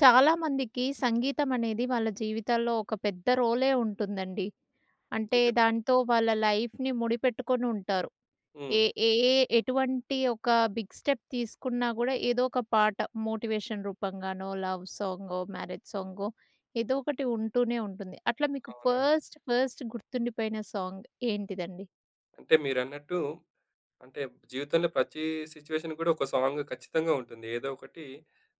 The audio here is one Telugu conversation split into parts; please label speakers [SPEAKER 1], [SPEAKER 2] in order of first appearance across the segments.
[SPEAKER 1] చాలా మందికి సంగీతమనేది వాళ్ళ జీవితాల్లో, ఒక పెద్ద రోలే ఉంటుందండి. అంటే,
[SPEAKER 2] నిజమే.
[SPEAKER 1] దాంతో వాళ్ళ లైఫ్‌ని ముడిపెట్టుకొనుంటారు.
[SPEAKER 2] హ్మ్.
[SPEAKER 1] ఏ ఏ ఎటువంటి ఒక బిగ్ స్టెప్ తీసుకున్నా కూడా, ఏదో ఒక పాట మోటివేషన్ రూపం గానో, లవ్ సాంగో, మ్యారేజ్ సాంగో ఏదో ఒకటి ఉంటూనే ఉంటుంది. అట్లా మీకు
[SPEAKER 2] అవునా!
[SPEAKER 1] ఫస్ట్, ఫస్ట్ గుర్తుండిపోయిన సాంగ్ ఏంటిదండి?
[SPEAKER 2] అంటే, మీరన్నట్టు, అంటే, జీవితంలో ప్రతి సిట్యుయేషన్ కూడా, ఒక సాంగు ఖచ్చితంగా ఉంటుంది. ఏదో ఒకటి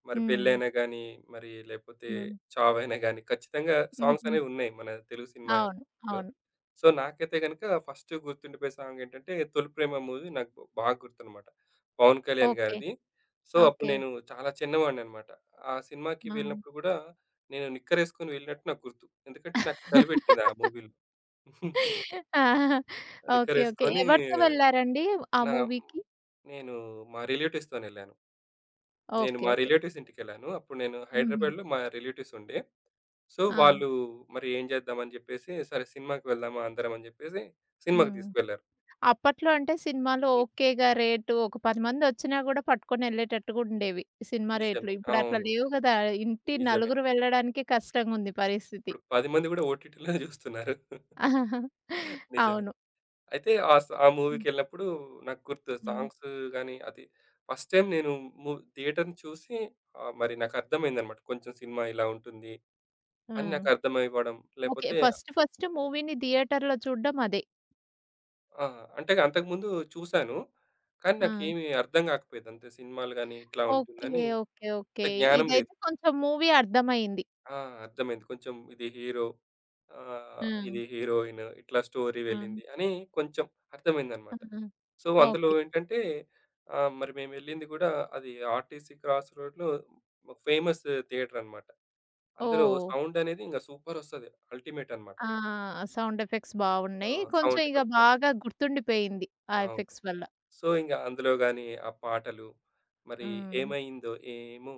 [SPEAKER 2] మరి
[SPEAKER 1] హ్మ్.
[SPEAKER 2] పెళ్ళైనా గానీ, మరి లేకపోతే
[SPEAKER 1] హ్మ్.
[SPEAKER 2] చావైనా గాని ఖచ్చితంగా
[SPEAKER 1] హుహు.
[SPEAKER 2] సాంగ్సనేవున్నాయి మన తెలుగు
[SPEAKER 1] అవును.
[SPEAKER 2] సినిమల్లో.
[SPEAKER 1] అవును.
[SPEAKER 2] సో, నాకైతే గనుక ఫస్టు గుర్తుండిపోయే సాంగేంటంటే, 'తొలి ప్రేమా' మూవీ నాకు బాగా గుర్తనమాట. పవన్ కళ్యాణ్
[SPEAKER 1] ఓకే.
[SPEAKER 2] గారిది. సో, అప్పుడు
[SPEAKER 1] ఓకే.
[SPEAKER 2] నేను చాలా చిన్నవాడిననమాట. ఆ సినిమాకి
[SPEAKER 1] ఆ!
[SPEAKER 2] వెళ్ళినప్పుడు కూడా, నేను నిక్కరేసుకొని వెళ్ళినట్టు నాకు గుర్తు. ఎందుకంటే నాకు చలిపెట్టింది ఆ మూవీలో.
[SPEAKER 1] ఆ! ఆ! ఓకే. ఓకే.
[SPEAKER 2] నిక్కరేసుకొని
[SPEAKER 1] ఎవరితో వెళ్లారండి, ఆ
[SPEAKER 2] నా
[SPEAKER 1] మూవీకి?
[SPEAKER 2] నేను మా రిలేటివ్స్‌తోనెళ్ళాను. నేను
[SPEAKER 1] ఓకే.
[SPEAKER 2] మా
[SPEAKER 1] ఓకే.
[SPEAKER 2] రిలేటివ్స్ ఇంటికెళ్ళాను. అప్పుడు నేను
[SPEAKER 1] హుహు.
[SPEAKER 2] హైదరాబాద్లో మా రిలేటివ్స్ ఉండే. సో,
[SPEAKER 1] ఆ!
[SPEAKER 2] వాళ్ళు మరి ఏం చేద్దామని చెప్పేసి సరే, సినిమాకి వెళ్దామా అందరం అని చెప్పేసి, సినిమాకి
[SPEAKER 1] హ్మ్.
[SPEAKER 2] తీసుకెళ్లారు.
[SPEAKER 1] అప్పట్లో అంటే, సినిమాలో
[SPEAKER 2] హ్మ్.
[SPEAKER 1] ఓకేగా రేటు ఒక 10 మందొచ్చినా కూడా, పట్టుకొని వెళ్ళేటట్టుగా ఉండేవి. సినిమా రేట్లు.
[SPEAKER 2] నిజమే.
[SPEAKER 1] ఇప్పుడట్లా
[SPEAKER 2] అవును.
[SPEAKER 1] లేవు కదా! ఇంటి
[SPEAKER 2] నిజమే.
[SPEAKER 1] నలుగురు వెళ్ళడానికే కష్టంగుంది పరిస్థితి.
[SPEAKER 2] ఇప్పుడు 10 మంది కూడా ఓటీటీలోనే చూస్తున్నారు. నిజమే.
[SPEAKER 1] అవును.
[SPEAKER 2] అయితే ఆ స ఆ
[SPEAKER 1] హ్మ్.
[SPEAKER 2] మూవీకెళ్ళినప్పుడు నాకు గుర్తు,
[SPEAKER 1] హ్మ్.
[SPEAKER 2] సాంగ్స్ గాని, అది ఫస్ట్ టైమ్ నేను మూ థియేటర్ని చూసి ఆహ్, మరి నాకు అర్థమైందనమాట. కొంచెం సినిమా ఇలా ఉంటుంది. అనీ
[SPEAKER 1] హ్మ్.
[SPEAKER 2] నాకు అర్థమైవడం
[SPEAKER 1] ఓకే.
[SPEAKER 2] లేకపోతే
[SPEAKER 1] ఫస్ట్, ఫస్ట్, మూవీని థియేటర్లో చూడడం అదే.
[SPEAKER 2] ఆ! అంటే, అంతకుముందు చూసాను. కానీ,
[SPEAKER 1] ఆ!
[SPEAKER 2] నాకేమి అర్థం గాకపోయేది. అంతే సినిమాలు గాని ఇట్లా
[SPEAKER 1] ఓకే.
[SPEAKER 2] ఉంటుందని.
[SPEAKER 1] ఓకే.
[SPEAKER 2] అంత
[SPEAKER 1] ఓకే.
[SPEAKER 2] జ్ఞానం లేదు.
[SPEAKER 1] ఇదైతే కొంచెం మూవీ అర్థమైంది.
[SPEAKER 2] ఆ! అర్థమైంది. కొంచెం ఇది హీరో, ఆహ్, ఇది
[SPEAKER 1] హ్మ్.
[SPEAKER 2] హీరోయిన్, ఇట్లా స్టోరీ
[SPEAKER 1] హ్మ్.
[SPEAKER 2] వెళ్ళింది అని కొంచెం అర్థమైందనమాట.
[SPEAKER 1] హ్మ్.
[SPEAKER 2] సో, అందులో
[SPEAKER 1] ఓకే.
[SPEAKER 2] ఏంటంటే ఆహ్, మరి మేమెళ్ళింది గూడా అది ఆర్టీసీ క్రాస్ రోడ్‌లో ఒక ఫేమస్ థియేటర్ అనమాట. అందులో
[SPEAKER 1] ఓహ్!
[SPEAKER 2] సౌండ్ అనేది ఇంగా సూపర్ ఒస్తది. అల్టిమేట్ అనమాట.
[SPEAKER 1] ఆ! సౌండ్ ఎఫెక్ట్స్
[SPEAKER 2] ఆ!
[SPEAKER 1] బాగున్నాయి. కొంచెం
[SPEAKER 2] సౌండ్
[SPEAKER 1] ఇగ
[SPEAKER 2] ఎఫెక్ట్ బావుంటది.
[SPEAKER 1] బాగా గుర్తుండిపోయింది. ఆ
[SPEAKER 2] అవును.
[SPEAKER 1] ఎఫెక్ట్స్ వల్ల.
[SPEAKER 2] సో, ఇంగ అందులో గాని, ఆ పాటలు మరి
[SPEAKER 1] హ్మ్.
[SPEAKER 2] 'ఏమైందో ఏమో'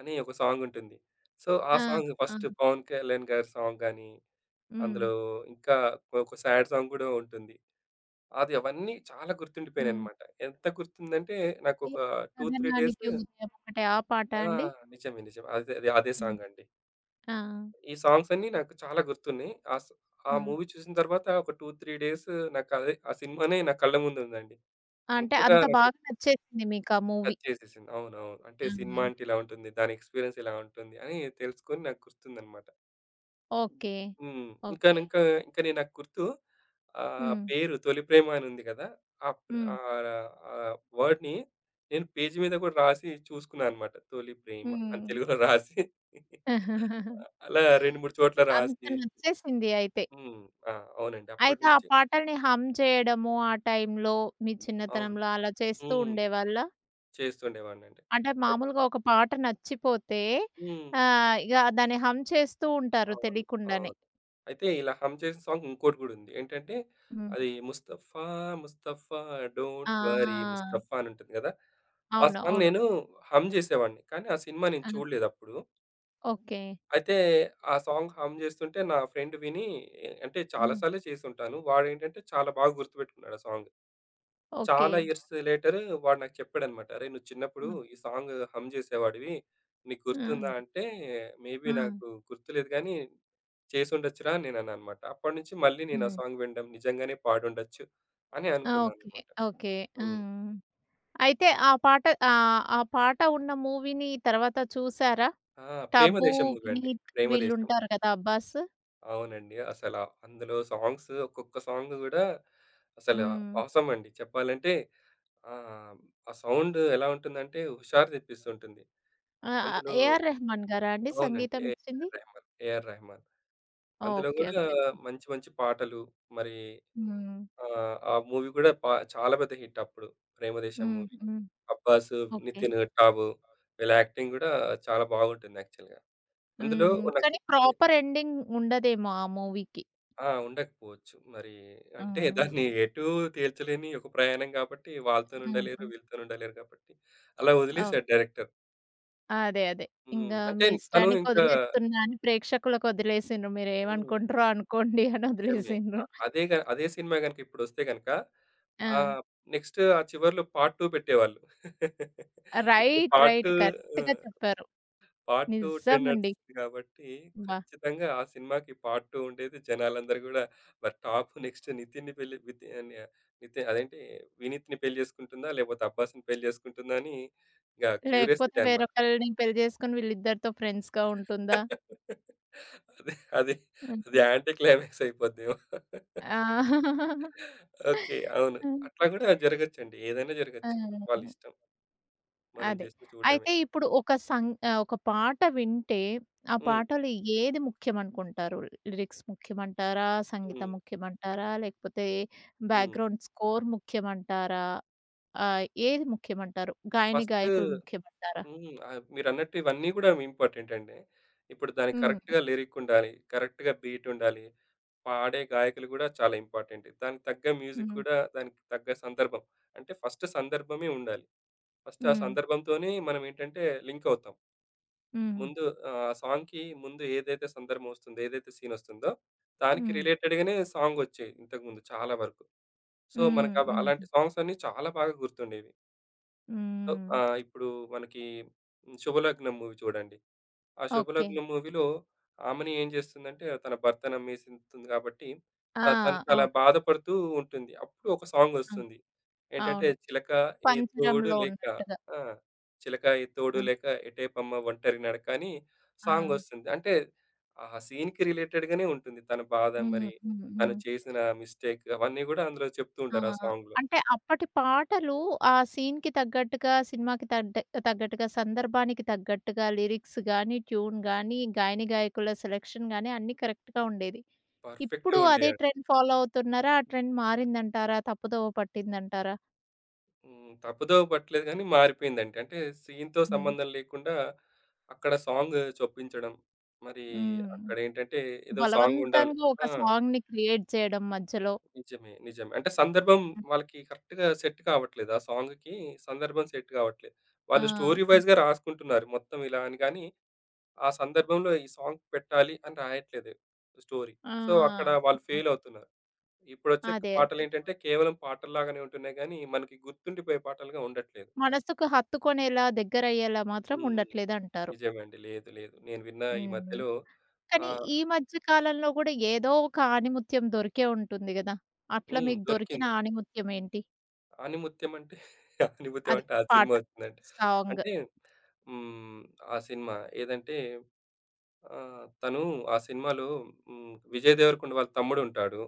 [SPEAKER 2] అని ఒక సాంగ్ ఉంటుంది. సో, ఆ
[SPEAKER 1] ఆ!
[SPEAKER 2] సాంగ్ ఫస్ట్
[SPEAKER 1] ఆ!
[SPEAKER 2] 'పవన్ కళ్యాణ్' గారి, సాంగ్‌‌గాని, అందులో
[SPEAKER 1] హ్మ్.
[SPEAKER 2] ఇంకా ఒక సాడ్ సాంగ్ కూడా ఉంటుంది. అది అవన్నీ చాలా
[SPEAKER 1] హ్మ్.
[SPEAKER 2] గుర్తుండిపోయాయినమాట. ఎంత గుర్తుందంటే నాకొక 2, 3 డేసు
[SPEAKER 1] 'కధనానికి ఉద్యమం' అంటే, ఆ పాట
[SPEAKER 2] ఆ!
[SPEAKER 1] అండి?
[SPEAKER 2] నిజమే నిజమే. అదే, అదే, అదే
[SPEAKER 1] హ్మ్.
[SPEAKER 2] సాంగ్ అండి.
[SPEAKER 1] ఆ!
[SPEAKER 2] ఈ సాంగ్స్ అన్నీ నాకు చాలా గుర్తున్నాయి. ఆ స్ ఆ
[SPEAKER 1] హ్మ్.
[SPEAKER 2] మూవీ చూసిన తర్వాత ఒక 2, 3 డేసు నాకు అదే ఆ సినిమానే నా కళ్ళ ముందు ఉందండి.
[SPEAKER 1] అంటే
[SPEAKER 2] అంత‌గా
[SPEAKER 1] అంత
[SPEAKER 2] నాకు
[SPEAKER 1] బాగా నచ్చేసింది మీకా మూవీ.
[SPEAKER 2] టచ్‌ చేసేసింది. అవునవును. అంటే, సినిమా
[SPEAKER 1] హ్మ్.
[SPEAKER 2] అంటే ఇలా ఉంటుంది. దాని ఎక్స్‌పి‌రియన్స్ ఇలా ఉంటుంది అని, తెలుసుకొని నాకు గుర్తుందనమాట.
[SPEAKER 1] ఓకే.
[SPEAKER 2] హ్మ్.
[SPEAKER 1] ఓకే.
[SPEAKER 2] ఇంకానింక, ఇంకా నే నాకు గుర్తు. ఆ
[SPEAKER 1] హ్మ్.
[SPEAKER 2] పేరు 'తొలి ప్రేమ' అనుంది కదా! ఆ ప్ర
[SPEAKER 1] హ్మ్.
[SPEAKER 2] ఆహ్, ర ఆహ్, వర్డ్‌ని నేను పేజీ మీద కూడా రాసి చూసుకున్నా అనమాట. 'తొలి ప్రేమ' అని
[SPEAKER 1] హ్మ్.
[SPEAKER 2] తెలుగు‌లో రాసి అలా 2, 3 చోట్ల
[SPEAKER 1] అంటే, అంత
[SPEAKER 2] రాసి
[SPEAKER 1] నచ్చేసింది అయితే.
[SPEAKER 2] హ్మ్. ఆ! అవునండి.
[SPEAKER 1] అయితే, ఆ
[SPEAKER 2] అప్పటినుంచి
[SPEAKER 1] పాటల్ని హమ్ చేయడము ఆ టైంలో, మీ
[SPEAKER 2] అవును.
[SPEAKER 1] చిన్నతనంలో అలా చేస్తూ
[SPEAKER 2] హ్మ్.
[SPEAKER 1] ఉండేవాళ్ళా?
[SPEAKER 2] చేస్తుండేవాడినండి.
[SPEAKER 1] అంటే,
[SPEAKER 2] అయ్
[SPEAKER 1] మామూలుగా ఒక పాట నచ్చిపోతే,
[SPEAKER 2] హ్మ్.
[SPEAKER 1] ఆహ్, ఇగ దాన్ని హమ్ చేస్తూ ఉంటారు
[SPEAKER 2] అవును. అవును.
[SPEAKER 1] తెలీకుండానే.
[SPEAKER 2] అయితే, ఇలా హమ్ చేసిన సాంగ్ ఇంకోటి కూడా ఉంది. ఏంటంటే,
[SPEAKER 1] హ్మ్.
[SPEAKER 2] అది ముస్తఫా ముస్తఫా డోంట్ వర్రీ
[SPEAKER 1] ఆ!
[SPEAKER 2] ముస్తఫా అనుంటుంది గదా! ఆ
[SPEAKER 1] అవును.
[SPEAKER 2] సాంగ్
[SPEAKER 1] అవును.
[SPEAKER 2] నేను హమ్ జేసేవాడిని. కానీ, ఆ సినిమా నేను
[SPEAKER 1] ఆ!
[SPEAKER 2] చూడలేదప్పుడు.
[SPEAKER 1] ఓకే.
[SPEAKER 2] అయితే, ఆ సాంగ్ హమ్ జేస్తుంటే, నా ఫ్రెండ్ వినీ అంటే, చాలా
[SPEAKER 1] హ్మ్.
[SPEAKER 2] సార్లే చేసుంటాను. వాడేంటంటే చాలా బాగా గుర్తుపెట్టుకున్నాడు ఆ సాంగ్. చాలా
[SPEAKER 1] ఓకే.
[SPEAKER 2] ఇయర్స్ లేటర్ వాడు నాకు చెప్పాడనమాట. "అరే! నువ్వు చిన్నప్పుడు
[SPEAKER 1] హ్మ్.
[SPEAKER 2] ఈ సాంగ్ హమ్ జేసేవాడివి. నీకు గుర్తుందా?"
[SPEAKER 1] హ్మ్.
[SPEAKER 2] అంటే మేబీ
[SPEAKER 1] హ్మ్.
[SPEAKER 2] నాకు గుర్తులేదు గానీ, చేసుండొచ్చురా అని నేనన్నా అన్నమాట. అప్పటి నుంచి మళ్ళీ నేను ఆ
[SPEAKER 1] హ్మ్.
[SPEAKER 2] సాంగ్ వినడం నిజంగానే పాడుండొచ్చు అని
[SPEAKER 1] ఆ!
[SPEAKER 2] అనుకున్నా
[SPEAKER 1] ఓకే.
[SPEAKER 2] అన్నమాట.
[SPEAKER 1] ఓకే.
[SPEAKER 2] హ్మ్.
[SPEAKER 1] హ్మ్. అయితే, ఆ పాట ఆహ్, ఆ పాట ఉన్న మూవీని తర్వాత చూసారా?
[SPEAKER 2] ఆ!
[SPEAKER 1] 'టబు',
[SPEAKER 2] 'ప్రేమదేశం' మూవీ అండి.
[SPEAKER 1] 'వినిత్'
[SPEAKER 2] 'ప్రేమదేశం.'
[SPEAKER 1] వీళ్ళుంటారు కదా! 'అబ్బాస్.'
[SPEAKER 2] అవునండి. అసల అందులో సాంగ్సు ఒక్కొక్క సాంగు కూడా అసలు
[SPEAKER 1] హ్మ్.
[SPEAKER 2] ఆసమ్ అండి చెప్పాలంటే, ఆహ్, ఆ సౌండు ఎలా ఉంటుందంటే హుషారు తెప్పిస్తుంటుంది.
[SPEAKER 1] ఆ!
[SPEAKER 2] అందులో
[SPEAKER 1] 'ఏఆర్ రెహమాన్' గారా అండి
[SPEAKER 2] అవునండి.
[SPEAKER 1] సంగీతం
[SPEAKER 2] 'ఎఆర్
[SPEAKER 1] ఇచ్చింది?
[SPEAKER 2] రెహమాన్, ఎఆర్ రెహమాన్.' అందులో
[SPEAKER 1] ఓకే
[SPEAKER 2] కూడా
[SPEAKER 1] ఓకే.
[SPEAKER 2] మంచి మంచి పాటలు మరి
[SPEAKER 1] హ్మ్.
[SPEAKER 2] ఆ! ఆ మూవీ కూడా పా చాలా పెద్ద హిట్ అప్పుడు 'ప్రేమదేశం'
[SPEAKER 1] హ్మ్.
[SPEAKER 2] మూవీ.
[SPEAKER 1] హ్మ్.
[SPEAKER 2] 'అబ్బాసు,'
[SPEAKER 1] ఓకే.
[SPEAKER 2] 'నితిను', 'టాబు.' వీళ్ళ యాక్టింగ్ కూడా చాలా బాగుంటుంది యాక్చువల్‌గా. అందులో
[SPEAKER 1] హ్మ్.
[SPEAKER 2] ఉన్న
[SPEAKER 1] కానీ
[SPEAKER 2] [unintelligible]
[SPEAKER 1] ప్రాపర్ ఎండింగ్ ఉండదేమో ఆ మూవీకి?
[SPEAKER 2] ఆ! ఉండకపోవచ్చు. మరి
[SPEAKER 1] ఆ!
[SPEAKER 2] అంటే, దాన్ని ఎటూ తేల్చలేని ఒక ప్రయాణం కాబట్టి వాళ్ళతోని ఉండలేరు,
[SPEAKER 1] హుహు.
[SPEAKER 2] వీళ్ళతోని ఉండలేరు కాబట్టి అలా
[SPEAKER 1] అవును.
[SPEAKER 2] వదిలేసారు డైరెక్టర్.
[SPEAKER 1] అదే అదే.
[SPEAKER 2] హ్మ్.
[SPEAKER 1] ఇంకా
[SPEAKER 2] అంటే,
[SPEAKER 1] మీ
[SPEAKER 2] తను ఇంకా
[SPEAKER 1] ఇష్టానికొదిలేస్తున్నా అని ప్రేక్షకులకి వదిలేసిండ్రు.
[SPEAKER 2] హ్మ్.
[SPEAKER 1] మీరేమనుకుంట్రో అనుకోండి
[SPEAKER 2] నిజమే.
[SPEAKER 1] అనొదిలేసిండ్రు.
[SPEAKER 2] ఆహ్, అదే గ అదే సినిమా గనక ఇప్పుడొస్తే గనక
[SPEAKER 1] ఆ!
[SPEAKER 2] ఆహ్, నెక్స్ట్ ఆ చివర్లో పార్ట్ 2 పెట్టేవాళ్ళు ఇప్పుడు
[SPEAKER 1] రైట్
[SPEAKER 2] పార్ట్
[SPEAKER 1] రైట్
[SPEAKER 2] 2 ఆ!
[SPEAKER 1] కరెక్ట్‌గా చెప్పారు.
[SPEAKER 2] పార్ట్ 2 ట్రెండ్
[SPEAKER 1] నిజమండి.
[SPEAKER 2] నడుస్తోంది కాబట్టి,
[SPEAKER 1] అబ్బ!
[SPEAKER 2] ఖచ్చితంగా ఆ సినిమాకి పార్ట్ 2 ఉండేది జనాలందరూ కూడా మరి టాప్ నెక్స్ట్ నితిన్ పెళ్లి వితి నితిన్ అదేంటి వినీత్‌ని పెళ్ళి చేసుకుంటుందా? లేకపోతే 'అబ్బాస్‌'ని పెళ్ళి చేసుకుంటుందా? అని ఇంకా
[SPEAKER 1] లేకపోతే
[SPEAKER 2] క్యూరియసిటీ అనమాట.
[SPEAKER 1] వేరొకల్ని పెళ్లి చేసుకొని వీళ్ళిద్దరితో ఫ్రెండ్స్‌గా ఉంటుందా?
[SPEAKER 2] అది, అది, అది
[SPEAKER 1] హుహు.
[SPEAKER 2] యాంటి క్లైమాక్స్ అయిపోద్దేమో.
[SPEAKER 1] ఆ!
[SPEAKER 2] ఓకే. అవును.
[SPEAKER 1] ఆ!
[SPEAKER 2] అట్లా కూడా జరగొచ్చండి. ఏదైనా జరగొచ్చు.
[SPEAKER 1] హుహు.
[SPEAKER 2] వాళ్ళిష్టం. మనం
[SPEAKER 1] అది.
[SPEAKER 2] జస్టు చూడడమే.
[SPEAKER 1] అయితే ఇప్పుడు ఒక సంగ ఆహ్, ఒక పాట వింటే ఆ
[SPEAKER 2] హ్మ్.
[SPEAKER 1] పాటలు ఏది ముఖ్యమనుకుంటారు లిరిక్స్ ముఖ్యమంటారా? సంగీతం
[SPEAKER 2] హ్మ్.
[SPEAKER 1] ముఖ్యమంటారా? లేకపోతే
[SPEAKER 2] హ్మ్.
[SPEAKER 1] బ్యాక్‌గ్రౌండ్ స్కోర్ ముఖ్యమంటారా? ఆ! ఏది ముఖ్యమంటారు? గాయని
[SPEAKER 2] ఫస్టు
[SPEAKER 1] గాయకులు ముఖ్యమంటారా?
[SPEAKER 2] హ్మ్. ఆహ్, మీరన్నట్టు ఇవన్నీ కూడా ఇంపార్టెంటండి. ఇప్పుడు దాన్ని
[SPEAKER 1] హ్మ్.
[SPEAKER 2] కరెక్ట్‌గా లిరిక్కుండాలి, కరెక్ట్‌గా బీట్ ఉండాలి. పాడే గాయకులు కూడా చాలా ఇంపార్టెంటు. దానికి తగ్గ మ్యూజిక్
[SPEAKER 1] హ్మ్.
[SPEAKER 2] కూడా దానికి తగ్గ సందర్భం. అంటే, ఫస్టు సందర్భమే ఉండాలి. ఫస్ట్ ఆ
[SPEAKER 1] హ్మ్.
[SPEAKER 2] సందర్భంతోనే మనమేంటంటే లింకవుతాం.
[SPEAKER 1] హ్మ్.
[SPEAKER 2] ముందు ఆహ్, సాంగ్‌కి ముందేదైతే సందర్భం వస్తుందో ఏదైతే సీనొస్తుందో దానికి
[SPEAKER 1] హ్మ్.
[SPEAKER 2] రిలేటెడ్‌గనే సాంగొచ్చాయి ఇంతకుముందు చాలా వరకు. సో,
[SPEAKER 1] హ్మ్.
[SPEAKER 2] మనకు అవ అలాంటి
[SPEAKER 1] హ్మ్.
[SPEAKER 2] సాంగ్స్ అన్నీ చాలా బాగా గుర్తుండేవి. సో,
[SPEAKER 1] హ్మ్.
[SPEAKER 2] ఆహ్, ఇప్పుడు మనకి హ్మ్, 'శుభలగ్నం' మూవీ చూడండి. ఆ
[SPEAKER 1] ఓకే.
[SPEAKER 2] 'శుభలగ్నం' మూవీలో ఆమెని ఏం చేస్తుందంటే, తన భర్తనమ్మేసకుంటుంది కాబట్టి.
[SPEAKER 1] ఆ!
[SPEAKER 2] ఆ! తను చాలా
[SPEAKER 1] అవును.
[SPEAKER 2] బాధపడుతూ ఉంటుంది. అప్పుడు ఒక
[SPEAKER 1] హ్మ్. అవును.
[SPEAKER 2] సాంగొస్తుంది. ఏంటంటే,
[SPEAKER 1] అవును.
[SPEAKER 2] 'చిలక ఏ తోడు
[SPEAKER 1] పంచరంలో
[SPEAKER 2] లేక'
[SPEAKER 1] ఉన్నట్టుగా.
[SPEAKER 2] ఆ! 'చిలకా ఏ తోడు
[SPEAKER 1] హ్మ్.
[SPEAKER 2] లేక ఎటేపమ్మ ఒంటరి నడకని.'
[SPEAKER 1] ఆ!
[SPEAKER 2] సాంగొస్తుంది. అంటే ఆహా! సీన్‌కి రిలేటెడ్‌ గానే ఉంటుంది తన బాధ
[SPEAKER 1] హుహు.
[SPEAKER 2] మరి,
[SPEAKER 1] హుహు.
[SPEAKER 2] తను
[SPEAKER 1] హ్మ్.
[SPEAKER 2] చేసిన మిస్టేక్ అవన్నీ కూడా అందులో చెప్తూ
[SPEAKER 1] ఆ!
[SPEAKER 2] ఉంటారు ఆ సాంగ్‌లో.
[SPEAKER 1] అంటే, అప్పటి పాటలు ఆ సీన్‌కి తగ్గట్టుగా, సినిమాకి తడ్డె తగ్గట్టుగా, సందర్భానికి తగ్గట్టుగా, లిరిక్స్ గాని ట్యూన్ గానీ, గాయనిగాయకుల సెలెక్షన్ గాని, అన్నీ కరెక్ట్‌గా ఉండేది.
[SPEAKER 2] పర్ఫెక్టు
[SPEAKER 1] ఇప్పుడు
[SPEAKER 2] ఉండే
[SPEAKER 1] అదే
[SPEAKER 2] యండి.
[SPEAKER 1] ట్రెండ్ ఫాలో అవుతున్నారా? ఆ ట్రెండ్ మారిందంటారా? తప్పుదోవ పట్టిందంటారా?
[SPEAKER 2] హ్మ్. తప్పదోవ పట్టలేదు గానీ, మారిపోయిందండి. అంటే, సీన్‌తో
[SPEAKER 1] హ్మ్.
[SPEAKER 2] సంబంధం లేకుండా, అక్కడ సాంగ్ చుప్పించడం. మరి
[SPEAKER 1] హ్మ్.
[SPEAKER 2] అక్కడేంటంటే, ఏదో సాంగుండాలి
[SPEAKER 1] బలవంతంగా ఒక
[SPEAKER 2] ఆ!
[SPEAKER 1] సాంగ్‌ని క్రియేట్ చేయడం మధ్యలో.
[SPEAKER 2] నిజమే. నిజమే. అంటే సందర్భం
[SPEAKER 1] హ్మ్.
[SPEAKER 2] వాళ్ళకి కరెక్ట్‌గా సెట్ కావట్లేదు. ఆ సాంగ్‌కి సందర్భం సెట్ కావట్లేదు.
[SPEAKER 1] ఆ!
[SPEAKER 2] వాళ్ళు స్టోరీ
[SPEAKER 1] ఆ!
[SPEAKER 2] వై‌జ్‌గా రాసుకుంటున్నారు. మొత్తం ఇలా అని గానీ, ఆ సందర్భంలో ఈ సాంగ్ పెట్టాలి అని రాయట్లేదు. స్టోరీ.
[SPEAKER 1] ఆ!
[SPEAKER 2] సో, అక్కడ
[SPEAKER 1] హ్మ్.
[SPEAKER 2] వాళ్ళు
[SPEAKER 1] ఆ!
[SPEAKER 2] ఫెయిలవుతున్నారు. ఇప్పుడొచ్చే
[SPEAKER 1] అదే, అదే, అదే.
[SPEAKER 2] పాటలేంటంటే, కేవలం పాటల్లాగానే ఉంటున్నాయి గానీ, మనకి గుర్తుండిపోయే పాటలుగా ఉండట్లేదు.
[SPEAKER 1] మనసుకు హత్తుకునేలా, దగ్గరయ్యేలా, మాత్రం
[SPEAKER 2] హ్మ్.
[SPEAKER 1] ఉండట్లేదు అంటారు.
[SPEAKER 2] నిజమండి. లేదు, లేదు. నేను విన్న ఈ
[SPEAKER 1] హుహు.
[SPEAKER 2] మధ్యలో
[SPEAKER 1] కానీ
[SPEAKER 2] ఆహ్
[SPEAKER 1] ఈ మధ్య కాలంలో కూడా, ఏదో ఒక ఆణిముత్యం దొరికే ఉంటుంది కదా! అట్లా
[SPEAKER 2] హ్మ్.
[SPEAKER 1] మీకు దొరికిన
[SPEAKER 2] దొరికింది.
[SPEAKER 1] ఆణిమత్యం ఏంటి?
[SPEAKER 2] ఆనిముత్యం అంటే, ఆనిముత్యం
[SPEAKER 1] అది
[SPEAKER 2] అంటే ఆ
[SPEAKER 1] పాట.
[SPEAKER 2] సినిమా ఒచ్చిందంటే,
[SPEAKER 1] సాంగ్.
[SPEAKER 2] అంటే, హ్మ్ ఆ సినిమా, ఏదంటే, ఆహ్, తను ఆ సినిమాలో హ్మ్ 'విజయ్ దేవరకుండ' వాళ్ళ తమ్ముడుంటాడు.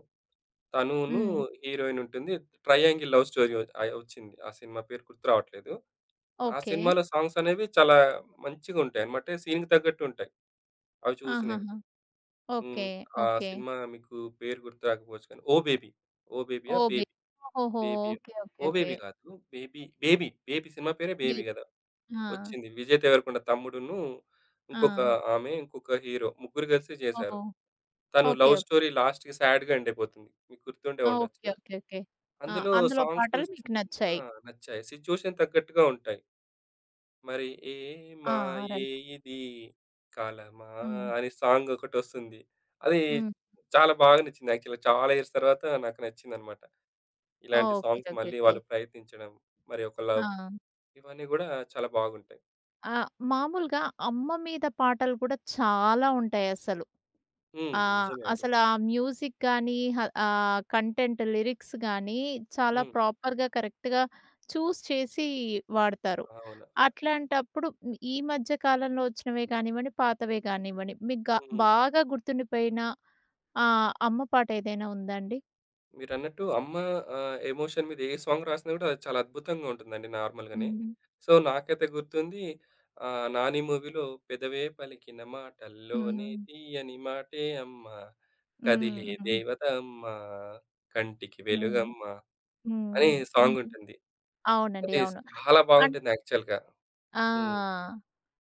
[SPEAKER 2] తను నూ
[SPEAKER 1] హ్మ్.
[SPEAKER 2] హీరోయిన్ ఉంటుంది. ట్రయాంగిల్ లవ్ స్టోరీ ఆహ్, ఒచ్చింది. ఆ సినిమా పేరు గుర్తు రావట్లేదు. ఆ
[SPEAKER 1] ఓకే.
[SPEAKER 2] సినిమాలో సాంగ్స్ అనేవి చాలా మంచిగుంటాయి. మాటె సీన్‌కి తగ్గట్టు ఉంటాయి. అవి చూసినవి.
[SPEAKER 1] ఆహాహా!
[SPEAKER 2] హ్మ్.
[SPEAKER 1] ఓకే.
[SPEAKER 2] ఆ
[SPEAKER 1] ఓకే.
[SPEAKER 2] సినిమా మీకు పేరు గుర్తు రాకపోవచ్చు. కానీ 'ఓ బేబీ'. 'ఓ బేబీ'యా?
[SPEAKER 1] ఓబే
[SPEAKER 2] 'బేబీ',
[SPEAKER 1] ఓహోహో!
[SPEAKER 2] 'బేబీ'యో,
[SPEAKER 1] okay okay.
[SPEAKER 2] 'Oh
[SPEAKER 1] okay.
[SPEAKER 2] Baby' గాదు. 'బేబీ', 'బేబీ', 'బేబీ' సినిమా పేరే
[SPEAKER 1] బి
[SPEAKER 2] 'బేబీ' గదా!
[SPEAKER 1] ఆ!
[SPEAKER 2] ఒచ్చింది. 'విజయ్ దేవరకుండ' తమ్ముడున్ను, ఇంకొక
[SPEAKER 1] ఆ!
[SPEAKER 2] ఆమె, ఇంకొక హీరో, ముగ్గురు కలిసి చేశారు.
[SPEAKER 1] ఓహొ!
[SPEAKER 2] తను
[SPEAKER 1] ఓకే.
[SPEAKER 2] లవ్ స్టోరీ లాస్ట్‌‌కి స్యాడ్‌గా ఎండైపోతుంది. మీకు గుర్తుండే
[SPEAKER 1] ఓకే.
[SPEAKER 2] ఉండొచ్చు.
[SPEAKER 1] ఓకే. ఓకే. ఆ!
[SPEAKER 2] అందులో
[SPEAKER 1] అందులో
[SPEAKER 2] సాంగ్స్
[SPEAKER 1] పాటలు మీకు
[SPEAKER 2] ఆ!
[SPEAKER 1] నచ్చాయి.
[SPEAKER 2] నచ్చాయి. సిచ్యువేషన్ తగ్గట్టుగా ఉంటాయి. మరి ఏ
[SPEAKER 1] ఆ! ఆ!
[SPEAKER 2] మాయే
[SPEAKER 1] రైట్.
[SPEAKER 2] ఇది కాలమా
[SPEAKER 1] హ్మ్.
[SPEAKER 2] అనే సాంగ్ ఒకటొస్తుంది. అది
[SPEAKER 1] హ్మ్.
[SPEAKER 2] చాలా బాగా నచ్చింది. యాక్చువల్‌గా చాలా ఇయర్స్ తర్వాత నాకు నచ్చిందనమాట. ఇలాంటి
[SPEAKER 1] ఓకే.
[SPEAKER 2] Songs
[SPEAKER 1] okay.
[SPEAKER 2] మళ్ళీ
[SPEAKER 1] ఓకే.
[SPEAKER 2] వాళ్ళు ప్రయత్నించడం. మరి ఒక లవ్
[SPEAKER 1] ఆ!
[SPEAKER 2] ఇవన్నీ కూడా చాలా బాగుంటాయి.
[SPEAKER 1] ఆ! మామూలుగా అమ్మ మీద పాటలు కూడా చాలా ఉంటాయసలు.
[SPEAKER 2] హ్మ్.
[SPEAKER 1] ఆహ్,
[SPEAKER 2] నిజమే అండి.
[SPEAKER 1] అసలు ఆ మ్యూజిక్ గానీ, హ ఆహ్, కంటెంట్ లిరిక్స్ గానీ, చాలా
[SPEAKER 2] హ్మ్.
[SPEAKER 1] ప్రాపర్‌గా, కరెక్ట్‌గా చూజ్ చేసి వాడతారు.
[SPEAKER 2] అవునా! ఆ!
[SPEAKER 1] అట్లాంటప్పుడు ఈ మధ్య కాలంలో వచ్చినవే కానివ్వండి, పాతవే కానివ్వండి మీకు గా
[SPEAKER 2] హ్మ్.
[SPEAKER 1] బాగా గుర్తుండిపోయిన ఆహ్, అమ్మ పాటేదైనా ఉందాండి?
[SPEAKER 2] మీరన్నట్టు అమ్మ ఆహ్, ఎమోషన్ మీద ఏ సాంగ్ రాసినా కూడా అది చాలా అద్భుతంగా ఉంటుందండి నార్మల్‌గానే.
[SPEAKER 1] హ్మ్.
[SPEAKER 2] సో, నాకైతే గుర్తుంది ఆహ్, నాని మూవీలో పెదవే పలికిన మాటల్లోనే
[SPEAKER 1] హ్మ్.
[SPEAKER 2] తీయని మాటే అమ్మ. కదిలే
[SPEAKER 1] హ్మ్. హ్మ్.
[SPEAKER 2] దేవతమ్మా కంటికి
[SPEAKER 1] హ్మ్.
[SPEAKER 2] వెలుగమ్మ,
[SPEAKER 1] హ్మ్.
[SPEAKER 2] అనే
[SPEAKER 1] హ్మ్. హ్మ్.
[SPEAKER 2] సాంగుంటుంది.
[SPEAKER 1] అవునండి.
[SPEAKER 2] అది
[SPEAKER 1] అవును.
[SPEAKER 2] చాలా
[SPEAKER 1] అన్
[SPEAKER 2] బాగుంటుంది యాక్చువల్‌గా.
[SPEAKER 1] ఆ!
[SPEAKER 2] హ్మ్.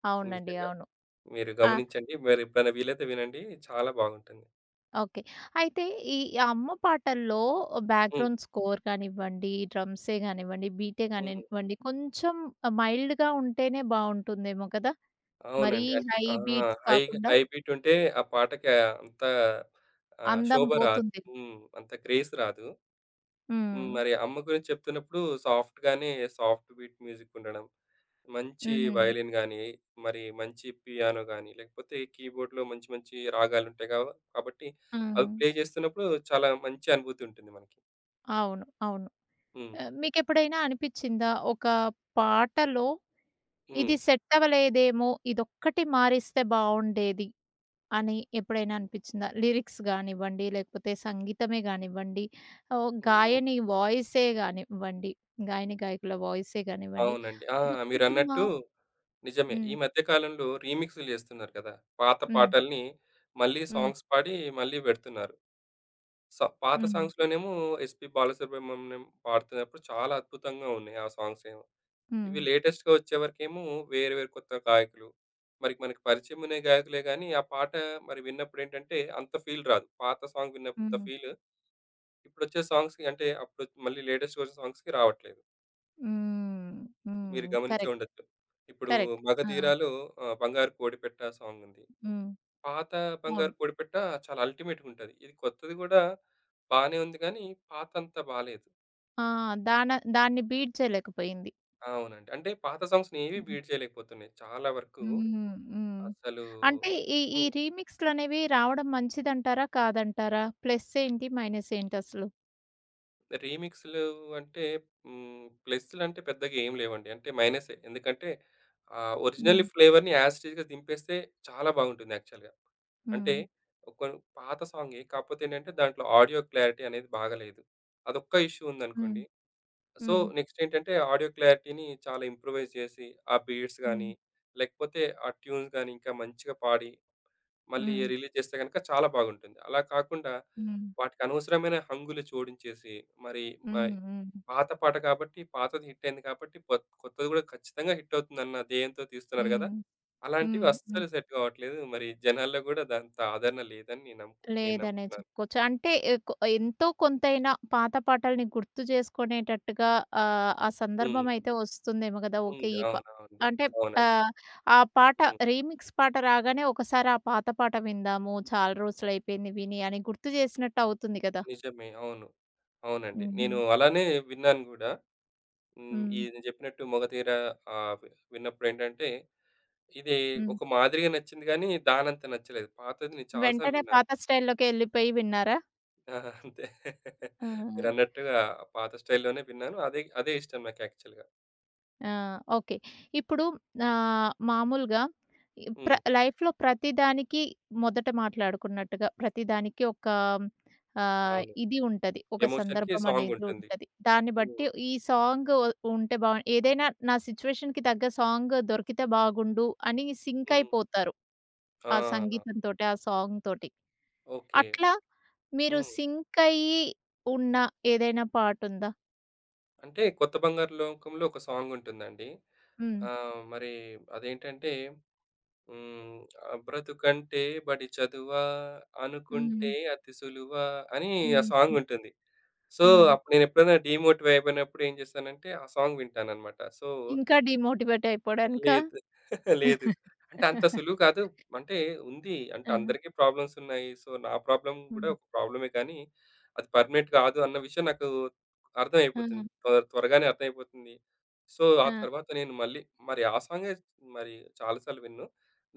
[SPEAKER 1] అవునండి.
[SPEAKER 2] నిజంగా.
[SPEAKER 1] అవును.
[SPEAKER 2] మీరు
[SPEAKER 1] ఆ!
[SPEAKER 2] గమనించండి. మీరు ఎప్పుడైనా వీలైతే వినండి చాలా బాగుంటుంది.
[SPEAKER 1] ఓకే. అయితే ఈ అమ్మ పాటల్లో,
[SPEAKER 2] హ్మ్.
[SPEAKER 1] బ్యాక్‌గ్రౌండ్ స్కోర్ కానివ్వండి, డ్రమ్సే కానివ్వండి, బీటే
[SPEAKER 2] హ్మ్.
[SPEAKER 1] గానివ్వండి, కొంచెం మైల్డ్‌గా ఉంటేనే బాగుంటుందేమో కదా! మరి
[SPEAKER 2] అవునండి. అంటే
[SPEAKER 1] హై
[SPEAKER 2] ఆ!
[SPEAKER 1] బీట్స్
[SPEAKER 2] హైగా,
[SPEAKER 1] కాకుండా.
[SPEAKER 2] హై బీటుంటే, ఆ పాటకి అంతా ఆహ్,
[SPEAKER 1] అందం
[SPEAKER 2] శోభ రాదు
[SPEAKER 1] పోతుంది.
[SPEAKER 2] హ్మ్. అంత గ్రేస్ రాదు. హ్మ్.
[SPEAKER 1] హ్మ్.
[SPEAKER 2] మరి అమ్మ గురించి చెప్తున్నప్పుడు సాఫ్ట్‌గానే సాఫ్ట్ బీట్ మ్యూజికుండడం. మంచి
[SPEAKER 1] హ్మ్.
[SPEAKER 2] వైలిన్ గానీ, మరి మంచి పియానో గాని, లేకపోతే కీబోర్డ్‌లో మంచి మంచి రాగాలు ఉంటాయిగా వ కాబట్టి, అవి
[SPEAKER 1] హ్మ్.
[SPEAKER 2] ప్లే చేస్తున్నప్పుడు చాలా మంచి అనుభూతి ఉంటుంది మనకి.
[SPEAKER 1] అవును. అవును.
[SPEAKER 2] హ్మ్.
[SPEAKER 1] ఆహ్, మీకెప్పుడైనా అనిపిచిందా? ఒక పాటలో,
[SPEAKER 2] హ్మ్.
[SPEAKER 1] ఇది సెట్ అవ్వలేదేమో ఇదొక్కటి మారిస్తే బావుండేది అని ఎప్పుడైనా అనిపిచిందా లిరిక్స్ కానివ్వండి లేకపోతే సంగీతమే కానివ్వండి. ఓ
[SPEAKER 2] హ్మ్.
[SPEAKER 1] గాయని వాయిసే కానివ్వండి, గాయని గాయకుల వాయిసే కానివ్వండి.
[SPEAKER 2] అవునండి. ఆ!
[SPEAKER 1] ఇదొక్కటి మా
[SPEAKER 2] మీరన్నట్టు నిజమే.
[SPEAKER 1] హ్మ్.
[SPEAKER 2] ఈ మధ్య కాలంలో రీమిక్స్‌లు చేస్తున్నారు కదా! పాత
[SPEAKER 1] హ్మ్.
[SPEAKER 2] పాటల్ని మళ్ళీ
[SPEAKER 1] హ్మ్.
[SPEAKER 2] సాంగ్స్ పాడి మళ్ళీ పెడుతున్నారు. సో, పాత
[SPEAKER 1] హ్మ్.
[SPEAKER 2] సాంగ్స్‌లో నేమో ఎస్‌పీ బాలసుబ్రహ్మణ్యం పాడుతున్నప్పుడు చాలా అద్భుతంగా ఉన్నాయి ఆ సాంగ్సేమో. ఇవి
[SPEAKER 1] హ్మ్.
[SPEAKER 2] లేటెస్ట్‌గా వచ్చేవరకేమో వేరు వేరు కొత్త గాయకులు. మరి మనకి పరిచయం అనే గాయకులే కానీ ఆ పాట మరి విన్నప్పుడు ఏంటంటే అంత ఫీల్ రాదు. పాత సాంగ్ విన్నప్పుడు అంత
[SPEAKER 1] హ్మ్.
[SPEAKER 2] ఫీల్, ఇప్పుడు వచ్చే సాంగ్స్‌కి అంటే అప్పుడు మళ్ళీ లేటెస్ట్ వచ్చిన సాంగ్స్‌కి రావట్లేదు.
[SPEAKER 1] హ్మ్. హ్మ్.
[SPEAKER 2] మీరు గమనించె
[SPEAKER 1] కరెక్ట్.
[SPEAKER 2] ఉండొచ్చు. ఇప్పుడు
[SPEAKER 1] కరెక్ట్. ఆ!
[SPEAKER 2] మగధీరాలో ఆహ్, బంగారు కోడిపెట్ట సాంగ్ ఉంది.
[SPEAKER 1] హ్మ్.
[SPEAKER 2] పాత బంగారు
[SPEAKER 1] అవును.
[SPEAKER 2] పొడిపెట్ట చాలా అల్టిమేట్‌గా ఉంటది. ఇది కొత్తది కూడా. బానే ఉంది. కానీ పాతంతా బాలేదు.
[SPEAKER 1] ఆ! దాన దాన్ని బీట్ చేయలేకపోయింది.
[SPEAKER 2] అవునండి. అంటే, పాత సాంగ్స్‌నేవి
[SPEAKER 1] హ్మ్.
[SPEAKER 2] బీట్ చేయలేకపోతున్నాయి. చాలా వరకు
[SPEAKER 1] హ్మ్. హ్మ్.
[SPEAKER 2] అసలూ
[SPEAKER 1] అంటే, ఈ ఈ
[SPEAKER 2] హ్మ్.
[SPEAKER 1] రీమిక్స్‌లనేవి రావడం మంచిదంటారా? కాదంటారా? ప్లస్సేంటి? మైనసేంటి అసలు?
[SPEAKER 2] రీమిక్సులు అంటే హ్మ్, ప్లస్సులంటే పెద్దగేం లేవండి. అంటే మైనసే. ఎందుకంటే, ఆహ్,
[SPEAKER 1] హ్మ్.
[SPEAKER 2] ఒరిజినల్‌ని ఫ్లేవర్‌ని యాస్ ఇటీజ్ దింపేస్తే చాలా బాగుంటుంది యాక్చువల్‌గా. అంటే,
[SPEAKER 1] హ్మ్.
[SPEAKER 2] ఒకొన్ పాత సాంగే కాపోతే ఏంటంటే, దాంట్లో ఆడియో క్లారిటీ అనేది బాగాలేదు. అదొక్క ఇష్యూ
[SPEAKER 1] హ్మ్.
[SPEAKER 2] ఉందనుకోండి. సో,
[SPEAKER 1] హ్మ్.
[SPEAKER 2] నెక్స్ట్ ఏంటంటే ఆడియో క్లారిటీని చాలా ఇంప్రొవైజ్ చేసి, ఆ బీడ్స్ గాని,
[SPEAKER 1] హ్మ్.
[SPEAKER 2] లేకపోతే ఆ ట్యూన్స్ గాని ఇంకా మంచిగా పాడి, మళ్ళీ
[SPEAKER 1] హ్మ్.
[SPEAKER 2] రిలీజ్ చేస్తే గనక చాలా బాగుంటుంది. అలా కాకుండా,
[SPEAKER 1] హ్మ్.
[SPEAKER 2] వాటికనవసరమైన హంగులు చోడించేసి మరి మ
[SPEAKER 1] హ్మ్. హ్మ్.
[SPEAKER 2] పాత పాట కాబట్టి పాతది హిట్టయింది కాబట్టి కొత్ కొత్తది కూడా ఖచ్చితంగా హిట్టవుతుందన్న దేయంతో తీస్తున్నారు గదా!
[SPEAKER 1] హ్మ్.
[SPEAKER 2] అలాంటివి
[SPEAKER 1] హ్మ్. హ్మ్.
[SPEAKER 2] అస్సలు సెట్ కావట్లేదు. మరి జనాల్లో కూడా అదంత ఆదరణ లేదని నేను నమ్ముకు నేను
[SPEAKER 1] లేదనే
[SPEAKER 2] నమ్ముతున్నాను.
[SPEAKER 1] చెప్పుకోవచ్చు. అంటే, ఎకొ ఎంతో కొంతైన పాత పాటల్ని గుర్తు చేసుకునేటట్టుగా ఆహ్, ఆ
[SPEAKER 2] హ్మ్.
[SPEAKER 1] సందర్భమైతే వస్తుందేమో గదా! ఓకె
[SPEAKER 2] ఉంది.
[SPEAKER 1] ఈప
[SPEAKER 2] అవునవుండి,
[SPEAKER 1] అంటే
[SPEAKER 2] అవునండి.
[SPEAKER 1] ఆహ్, ఆ పాట
[SPEAKER 2] హ్మ్.
[SPEAKER 1] రీమిక్స్ పాట రాగానే ఒకసారి ఆ పాత పాట విందాము, చాలా రోజులయిపోయింది విని అని గుర్తు చేసినట్టవుతుంది కదా!
[SPEAKER 2] నిజమే, అవును. అవునండి. నేను
[SPEAKER 1] హుహు.
[SPEAKER 2] అలానే విన్నాను గూడా. హ్మ్.
[SPEAKER 1] హ్మ్.
[SPEAKER 2] ఇది చెప్పినట్టు మొగదీర ఆహ్, వి విన్నప్పుడు ఏంటంటే, ఇది
[SPEAKER 1] హ్మ్.
[SPEAKER 2] ఒక మాదిరిగా నచ్చింది గానీ, దానంత నచ్చలేదు. పాతది నేను చాలా సార్లు
[SPEAKER 1] వెంటనే
[SPEAKER 2] విన్నాను.
[SPEAKER 1] పాత స్టైల్‌లోకే ఎళ్ళిపోయి విన్నారా?
[SPEAKER 2] ఆ! అంతే.
[SPEAKER 1] ఆ!
[SPEAKER 2] మీరన్నట్టుగా పాత స్టైల్‌లోనే విన్నాను. అదే అదే ఇష్టం నాకు యాక్చువల్‌గా.
[SPEAKER 1] ఆ! ఓకే. ఇప్పుడు ఆహ్, మామూలుగా ఇ ప్ర
[SPEAKER 2] హ్మ్.
[SPEAKER 1] లైఫ్‌లో ప్రతి దానికి మొదట మాట్లాడుకున్నట్టుగా ప్రతిదానికి ఒక ఆహ్,
[SPEAKER 2] అవును.
[SPEAKER 1] ఇది ఉంటది. ఒక
[SPEAKER 2] ఎమోషన్‌కి
[SPEAKER 1] సందర్భం
[SPEAKER 2] సాంగ్
[SPEAKER 1] అనేది
[SPEAKER 2] ఉంటుంది.
[SPEAKER 1] ఉంటది. దాన్ని
[SPEAKER 2] హ్మ్.
[SPEAKER 1] బట్టి ఈ సాంగు ఉంటే బాగు ఏదైనా నా సిట్యుయేషన్‌కి తగ్గ సాంగ్ దొరికితే బాగుండు అని సింక్
[SPEAKER 2] హ్మ్.
[SPEAKER 1] అయిపోతారు. ఆ
[SPEAKER 2] ఆ!
[SPEAKER 1] సంగీతంతోటి, ఆ సాంగ్ తోటి.
[SPEAKER 2] ఓకే.
[SPEAKER 1] అట్లా మీరు
[SPEAKER 2] హ్మ్.
[SPEAKER 1] సింక్ అయి ఉన్న ఏదైనా పాటుందా?
[SPEAKER 2] అంటే కొత్త బంగారు లోకంలో ఒక సాంగ్ ఉంటుందండి.
[SPEAKER 1] హ్మ్.
[SPEAKER 2] ఆహ్, మరి అదేంటంటే హ్మ్. బ్రతుకంటే బడి చదువా, అనుకుంటే
[SPEAKER 1] హ్మ్.
[SPEAKER 2] అతిసులువా అని ఆ
[SPEAKER 1] హ్మ్.
[SPEAKER 2] సాంగ్
[SPEAKER 1] హ్మ్.
[SPEAKER 2] ఉంటుంది. సో,
[SPEAKER 1] హ్మ్.
[SPEAKER 2] అప్పుడు నేను ఎప్పుడైనా డీమోటివ్ అయిపోయినప్పుడు ఏం చేశానంటే ఆ సాంగ్ వింటాననమాట. సో
[SPEAKER 1] ఇంకా డీమోటివేట్ అయిపోవడానికా.
[SPEAKER 2] లేదు. లేదు. అంటే అంత సులువు కాదు అంటే ఉంది అంటే
[SPEAKER 1] ఆ!
[SPEAKER 2] అందరికీ ప్రాబ్లమ్స్ ఉన్నాయి. సో, నా ప్రాబ్లమ్ కూడా
[SPEAKER 1] హ్మ్.
[SPEAKER 2] ఒక ప్రాబ్లమే కానీ, అది పర్మినెంట్ కాదు అన్న విషయం నాకు
[SPEAKER 1] ఆ!
[SPEAKER 2] అర్థమైపోతుంది. త్వర త్వరగానే అర్థమైపోతుంది. సో, ఆ
[SPEAKER 1] ఆ!
[SPEAKER 2] తర్వాత నేను మళ్ళీ మరి ఆ సాంగే మరి చాలా సార్లు వినను.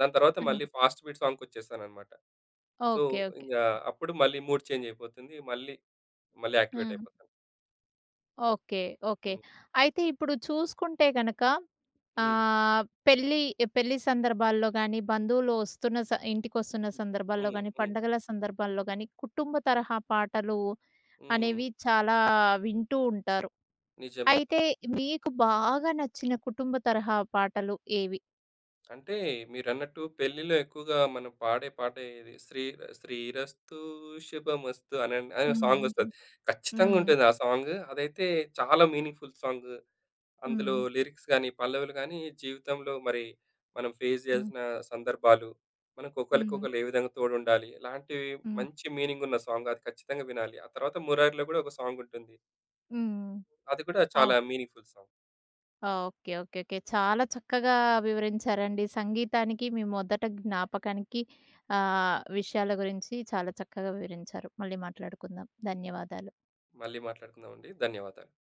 [SPEAKER 2] దాని తర్వాత మళ్ళీ
[SPEAKER 1] హ్మ్.
[SPEAKER 2] ఫాస్ట్ బీట్ సాంగ్ వచ్చేశాననమాట.
[SPEAKER 1] ఓకే.
[SPEAKER 2] So,
[SPEAKER 1] okay. ఓకె.
[SPEAKER 2] ఇంకా అప్పుడు మళ్ళీ మూడ్ చేంజ్ అయిపోతుంది. మళ్ళీ, మళ్ళీ యాక్టివేట్
[SPEAKER 1] హ్మ్.
[SPEAKER 2] అయిపోతా.
[SPEAKER 1] ఓకే. ఓకే.
[SPEAKER 2] హ్మ్.
[SPEAKER 1] అయితే ఇప్పుడు చూసుకుంటే గనక
[SPEAKER 2] హ్మ్.
[SPEAKER 1] ఆహ్, పెళ్లి పెళ్లి సందర్భాల్లో గాని, బంధువులు వస్తున్న స ఇంటిికొస్తున్న సందర్భాల్లో
[SPEAKER 2] హ్మ్.
[SPEAKER 1] గాని,
[SPEAKER 2] హ్మ్.
[SPEAKER 1] పండగల సందర్భాల్లో గాని కుటుంబ తరహా పాటలు
[SPEAKER 2] హ్మ్.
[SPEAKER 1] అనేవి చాలా వింటూ ఉంటారు.
[SPEAKER 2] నిజమే.
[SPEAKER 1] అయితే మీకు బాగా నచ్చిన కుటుంబ తరహా పాటలు ఏవి?
[SPEAKER 2] అంటే మీరన్నట్టు పెళ్ళిలో ఎక్కువగా మనం పాడే పాట ఏది శ్రీర శ్రీరస్తు శభమస్తు అనండి అని ఒక
[SPEAKER 1] హ్మ్.
[SPEAKER 2] సాంగొస్తది.
[SPEAKER 1] హ్మ్.
[SPEAKER 2] ఖచ్చితంగా
[SPEAKER 1] హ్మ్.
[SPEAKER 2] ఉంటుంది ఆ సాంగ్ అదైతే చాలా మీనింగ్‌ఫుల్ సాంగ్ అందులో
[SPEAKER 1] హ్మ్.
[SPEAKER 2] లిరిక్స్ గాని పల్లవులు గానీ జీవితంలో మరి మనం ఫేస్
[SPEAKER 1] హ్మ్.
[SPEAKER 2] చేయలసిన సందర్భాలు, మనకు
[SPEAKER 1] హ్మ్.
[SPEAKER 2] ఒకళ్ళకొకళ్ళు ఏ విధంగా తోడుండాలి ఇలాంటివి
[SPEAKER 1] హ్మ్.
[SPEAKER 2] మంచి మీనింగున్న సాంగ్ అది ఖచ్చితంగా వినాలి. ఆ తర్వాత 'మురారిలో' కూడా ఒక సాంగుంటుంది.
[SPEAKER 1] హ్మ్.
[SPEAKER 2] అది కూడా
[SPEAKER 1] అవును.
[SPEAKER 2] చాలా meaningful song.
[SPEAKER 1] Okay. Okay. Okay. చాలా చక్కగా వివరించారండి. సంగీతానికి మీ మొదట జ్ఞాపకానికి ఆహ్, విషయాల గురించి చాలా చక్కగా వివరించారు. మళ్ళీ మాట్లాడుకుందాం. ధన్యవాదాలు.
[SPEAKER 2] మళ్ళీ మాట్లాడుకుందామండి. ధన్యవాదాలు.